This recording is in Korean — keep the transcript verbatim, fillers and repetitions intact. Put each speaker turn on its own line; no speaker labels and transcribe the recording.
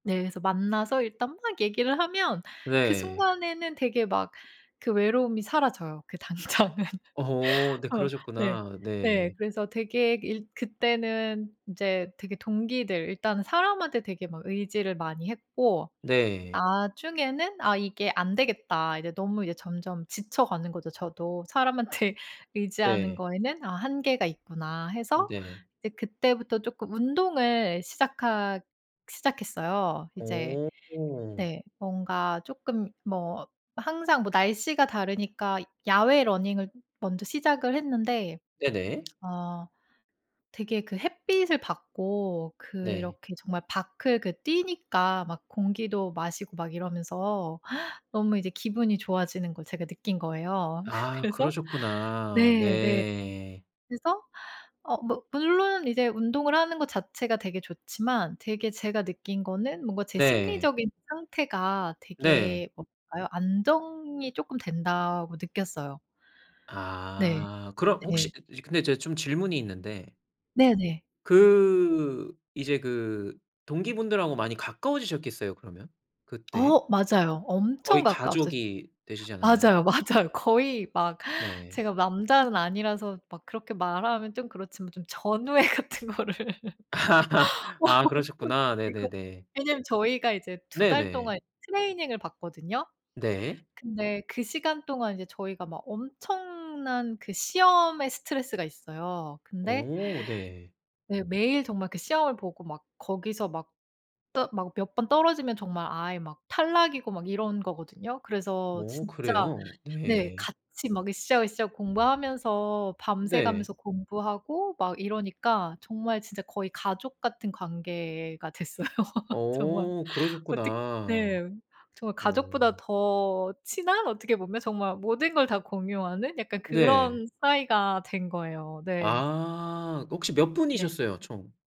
네 그래서 만나서 일단 막 얘기를 하면 그
네.
순간에는 되게 막 그 외로움이 사라져요 그 당장은.
어 네
어 네.
그러셨구나.
네.
네.
그래서 되게 일 그때는 이제 되게 동기들 일단은 사람한테 되게 막 의지를 많이 했고
네.
나중에는 '아 이게 안 되겠다.' 이제 너무 이제 점점 지쳐가는 거죠 저도. '사람한테 의지하는
네.
거에는 '아 한계가 있구나.' 해서
네.
이제 그때부터 쪼끔 운동을 시작하 시작했어요. 이제
오.
네 뭔가 쪼끔 뭐 항상 뭐 날씨가 다르니까 야외 러닝을 먼저 시작을 했는데
네네.
어 되게 그 햇빛을 받고
네.
그렇게 정말 밖을 그 뛰니까 막 공기도 마시고 막 이러면서 너무 이제 기분이 좋아지는 걸 제가 느낀 거예요.
아
그래서
그러셨구나.
네 네.
네.
그래서 어 뭐 물론 이제 운동을 하는 거 자체가 되게 좋지만 되게 제가 느낀 거는 뭔가 제
네.
심리적인 상태가
네.
되게 뭐랄까요 안정이 쪼끔 된다고 느꼈어요. 네.
아. 그럼
네.
혹시 근데 제가 좀 질문이 있는데.
네네.
그 이제 그 동기분들하고 많이 가까워지셨겠어요 그러면 그때?
어 맞아요. 엄청
거의
가까웠어요.
가족이 되시지 않았나요?
맞아요, 맞아요. 거의 막
네.
제가 남자는 아니라서 막 그렇게 말하면 좀 그렇지만 좀 전우애 같은 거를. 와 막
아
엄청
그러셨구나.
느끼고
네네네.
왜냐면 저희가 이제 두 달
네네.
동안 트레이닝을 받거든요.
네.
근데 그 시간 동안 이제 저희가 막 엄청난 그 시험에 스트레스가 있어요. 근데
오 네.
네. 매일 정말 그 시험을 보고 막 거기서 막 떠 막 몇 번 떨어지면 정말 아예 막 탈락이고 막 이런 거거든요. 그래서
어
진짜
그래요?
네.
네.
같이 막 으쌰으쌰 공부하면서 밤새
네.
가면서 공부하고 막 이러니까 정말 진짜 거의 가족 같은 관계가 됐어요 정말.
어
어떻
그러셨구나.
네. 정말 가족보다
오.
더 친한? 어떻게 보면 정말 모든 걸 다 공유하는 약간
네.
그런 사이가 된 거예요 네.
아. 그 혹시 몇
네.
분이셨어요 총?